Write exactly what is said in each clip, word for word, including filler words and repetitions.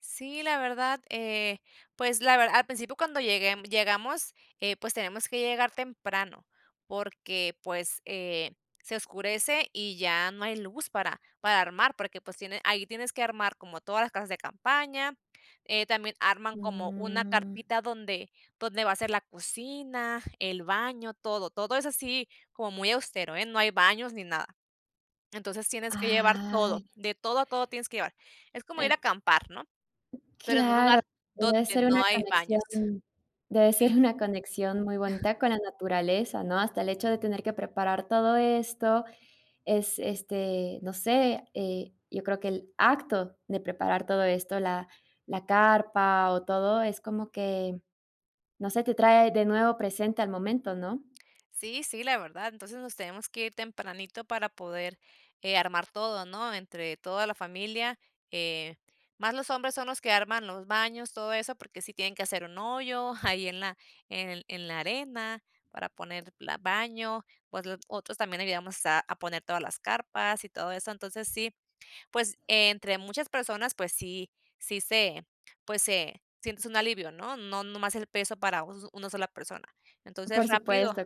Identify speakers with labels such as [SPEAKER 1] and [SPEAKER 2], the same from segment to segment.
[SPEAKER 1] Sí, la verdad, eh, pues la verdad al principio cuando llegue, mm, llegamos, eh, pues, tenemos que llegar temprano, porque, pues, eh, se oscurece y ya no hay luz para para armar, porque, pues tiene ahí tienes que armar como todas las casas de campaña, eh, también arman como una
[SPEAKER 2] Mm.
[SPEAKER 1] carpita donde donde va a ser la cocina, el baño, todo, todo es así como muy austero, eh, no hay baños ni nada. Entonces tienes que llevar todo
[SPEAKER 2] Ay.
[SPEAKER 1] de todo a todo tienes que llevar. Es como ir
[SPEAKER 2] En
[SPEAKER 1] a acampar, ¿no?, pero en un lugar
[SPEAKER 2] Claro, debe
[SPEAKER 1] donde
[SPEAKER 2] ser una
[SPEAKER 1] no hay baños.
[SPEAKER 2] conexión debe ser
[SPEAKER 1] Sí.
[SPEAKER 2] una conexión muy bonita con la naturaleza, ¿no?, hasta el hecho de tener que preparar todo esto es, este, no sé, eh, yo creo que el acto de preparar todo esto, la la carpa o todo, es como que, no sé, te trae de nuevo presente al momento, ¿no?
[SPEAKER 1] Sí, sí, la verdad, entonces, nos teníamos que ir tempranito para poder, eh, armar todo, ¿no?, entre toda la familia. Eh, más los hombres son los que arman los baños, todo eso, porque sí tienen que hacer un hoyo ahí en la en en la arena para poner la baño, otl otros también ayudamos a a poner todas las carpas y todo eso. Entonces sí, pues, entre muchas personas, pues sí sí se pues se sientes un alivio, ¿no?, no nomás el peso para us una sola persona. Entonces
[SPEAKER 2] Por
[SPEAKER 1] rápido
[SPEAKER 2] supuesto,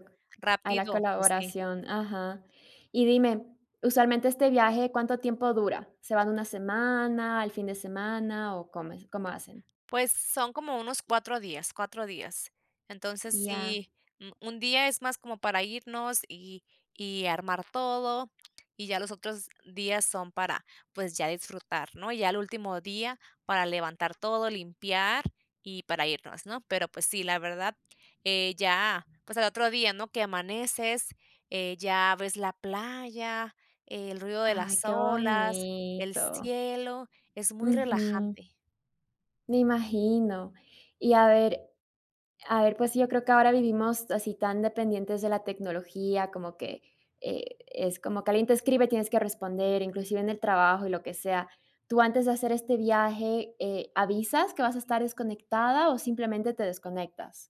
[SPEAKER 2] a la
[SPEAKER 1] rápido, pues sí.
[SPEAKER 2] colaboración, ajá. Y dime, usualmente este viaje, ¿cuánto tiempo dura? ¿Se van una semana, el fin de semana o cómo es cómo hacen?
[SPEAKER 1] Pues son como unos cuatro días, cuatro días. Entonces,
[SPEAKER 2] Ya.
[SPEAKER 1] sí, mm, un día es más como para irnos y y armar todo, y ya los otros días son para, pues, ya disfrutar, ¿no?, ya el último día para levantar todo, limpiar y para irnos, ¿no?, pero pues sí, la verdad, eh, ya, pues al otro día, ¿no?, que amaneces, eh, ya ves la playa, el ruido de
[SPEAKER 2] Ay,
[SPEAKER 1] las
[SPEAKER 2] qué
[SPEAKER 1] olas, el
[SPEAKER 2] bonito.
[SPEAKER 1] cielo, es muy
[SPEAKER 2] Ujú.
[SPEAKER 1] relajante.
[SPEAKER 2] Me imagino. Y a ver a ver, pues sí, yo creo que ahora vivimos así tan dependientes de la tecnología, como que, e es como que alguien te escribe, tienes que responder, inclusive en el trabajo y lo que sea, ¿tú antes de hacer este viaje, eh, avisas que vas a estar desconectada o simplemente te desconectas?